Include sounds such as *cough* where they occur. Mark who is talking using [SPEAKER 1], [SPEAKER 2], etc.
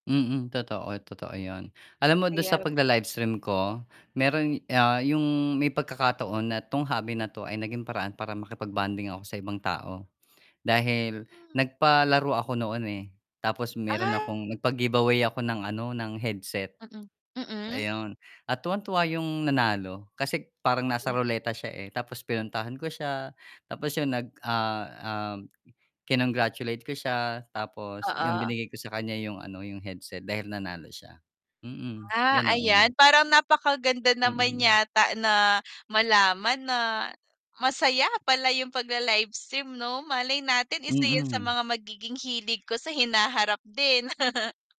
[SPEAKER 1] Mm, totoo, totoo yun alam mo dun sa
[SPEAKER 2] Ayan
[SPEAKER 1] pagla-livestream ko merong, ah, yung may pagkakataon na 'tong hobby na 'to ay naging paraan para makipag-bonding ako sa ibang tao dahil
[SPEAKER 2] *grunts*
[SPEAKER 1] nag-palaro ako noon, eh, tapos meron
[SPEAKER 2] Ah.
[SPEAKER 1] akong nag-pagiveaway ako ng ano ng headset,
[SPEAKER 2] Mm, mm.
[SPEAKER 1] ayun, at tuwang tuwa yung nanalo kasi parang nasa
[SPEAKER 2] Hmm.
[SPEAKER 1] roleta siya, eh, tapos pinuntahan ko siya tapos yun nag ah uhm, kinong-gratulate ko siya, tapos yun
[SPEAKER 2] Oo.
[SPEAKER 1] binigay ko sa kan'ya yung ano, yung headset dahil nanalo siya. Mm.
[SPEAKER 2] Ah,
[SPEAKER 1] Ganoon.
[SPEAKER 2] ayan parang napakaganda naman
[SPEAKER 1] Mm.
[SPEAKER 2] yata na malaman na masaya pala yung pagla-livestream 'no, malay natin isa 'yan sa
[SPEAKER 1] Mm.
[SPEAKER 2] mga magiging hilig ko sa hinaharap din. *chuckles*